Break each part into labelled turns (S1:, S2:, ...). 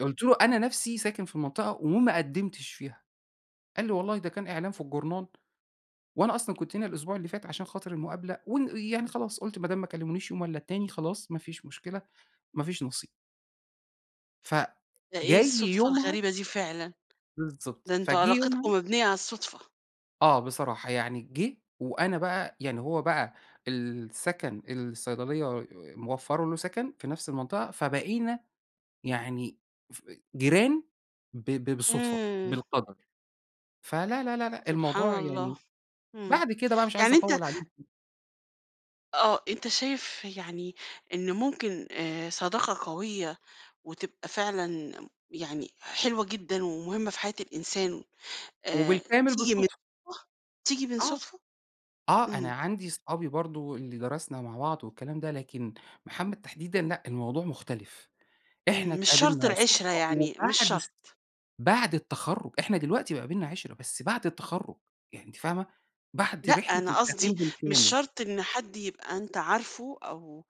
S1: قُلت له: "أنا نفسي ساكن في المنطقة وما قدِّمتش فيها." قال لي: "والله ده كان إعلان في الجرنان، وأنا أصلًا كنت هنا الأسبوع اللي فات عشان خاطر المقابلة ون يعني خلاص، قُلت ما دام ما كلِّمونيش يوم والّا التاني، خلاص ما فيش مشكلة، ما فيش نصيب." ف
S2: ده إيه
S1: جاي
S2: الصُدفة
S1: يومها
S2: الغريبة دي فعلًا؟
S1: بالضبط.
S2: ده أنتم
S1: فجِه
S2: علاقتكم
S1: يومها
S2: مبنيّة على الصُدفة.
S1: آه بصراحة. يعني جِه وأنا بقى يعني هو بقى السَكَن الصيدلية موفّرة له سَكَن في نفس المنطقة، فبقينا يعني ف جيران ب ب بالصُدفة،
S2: إمم.
S1: بالقَدَر. فلا، لا، لا، لأ
S2: سبحان
S1: الموضوع
S2: الله.
S1: يعني
S2: إمم.
S1: بعد كده بقى مش عايز
S2: يعني أنت
S1: أطوّل عليكِ.
S2: آه. أنت شايف يعني إنه ممكن آآ صداقة قوية وتبقى فعلًا يعني حلوة جدًا ومهمة في حياة الإنسان، آآ
S1: وبالكامل
S2: تيجي من
S1: بالصُدفة.
S2: [unintelligible] تيجي من
S1: آه.
S2: صُدفة؟
S1: آه. أنا
S2: إمم.
S1: عندي اصحابي برضه اللي درسنا مع بعض والكلام ده، لكن محمد تحديدًا لأ، الموضوع مختلف. إحنا
S2: إمم. مش شرط
S1: اتقابلنا
S2: العِشْرة،
S1: صُدفة
S2: يعني مش
S1: وبعد س
S2: شرط.
S1: بعد التخرُّج، إحنا دلوقتي بقى بيننا عِشْرة، بس بعد التخرُّج يعني أنتِ فاهمة؟ بعد
S2: لأ،
S1: رحلة
S2: أنا
S1: التعليم
S2: قصدي مش
S1: بالكامل.
S2: شرط إن حد يبقى أنت عارفه أو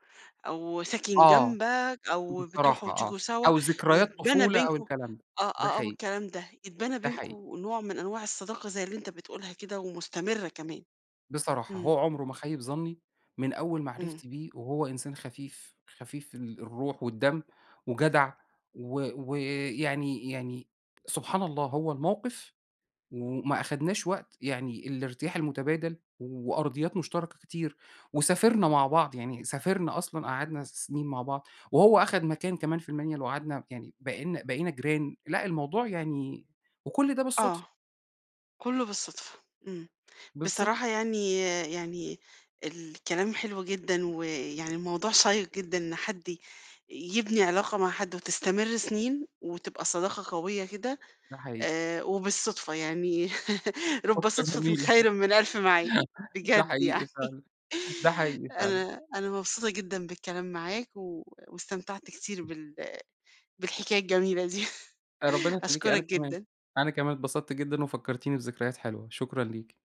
S2: أو ساكن
S1: آه.
S2: جنبك أو بتروحوا
S1: بصراحة آه،
S2: وتيجوا سوا،
S1: أو ذكريات
S2: يتبنى
S1: طفولة أو
S2: بينكم
S1: الكلام ده،
S2: آه،
S1: ده
S2: آه، آه،
S1: حقيقي.
S2: والكلام ده، يتبنى
S1: ده
S2: بينكم
S1: حقيقي.
S2: نوع من أنواع الصداقة زي اللي أنت بتقولها كده ومستمرة كمان.
S1: بصراحة،
S2: إمم.
S1: هو عُمره ما خَيِّب ظَنّي من أول
S2: إمم.
S1: معرفتي بيه وهو إنسان خفيف، خفيف في الروح والدم وجدع و و يعني يعني سبحان الله هو الموقف وما أخدناش وقت، يعني الارتياح المُتَبادل وأرضيات مشتركة كتير وسافرنا مع بعض، يعني سافرنا أصلًا قعدنا س سِنين مع بعض، وهو أخَد مكان كمان في المَنْيَل وقعدنا يعني بقينا بقينا جيران. لأ الموضوع يعني وكل ده بالصُدفة.
S2: آه. كُلّه بالصدفة، إمم.
S1: بالضبط.
S2: بصراحة يعني يعني الكلام حلو جدًا ويعني الموضوع شيّق جدًا إن حد ي يبني علاقة مع حد وتستمر سِنين وتبقى صداقة قوية كده،
S1: ده حقيقي.
S2: آآ وبالصُدفة، يعني رُب
S1: نُكتة
S2: صدفةٍ
S1: جميلة.
S2: خير من ألف ميعاد،
S1: ده
S2: بجد يعني.
S1: حقيقي فعلًا، ده حقيقي فعلًا.
S2: أنا أنا مبسوطة جدًا بالكلام معاك و واستمتعت كتير بال بالحكاية الجميلة دي،
S1: آآ، ربنا يخلّيكِ، أنا
S2: أشكُرك
S1: كمان،
S2: جدًا.
S1: أنا كمان اتبسطت جدًا وفكّرتيني بذكريات حلوة، شكرًا ليكِ.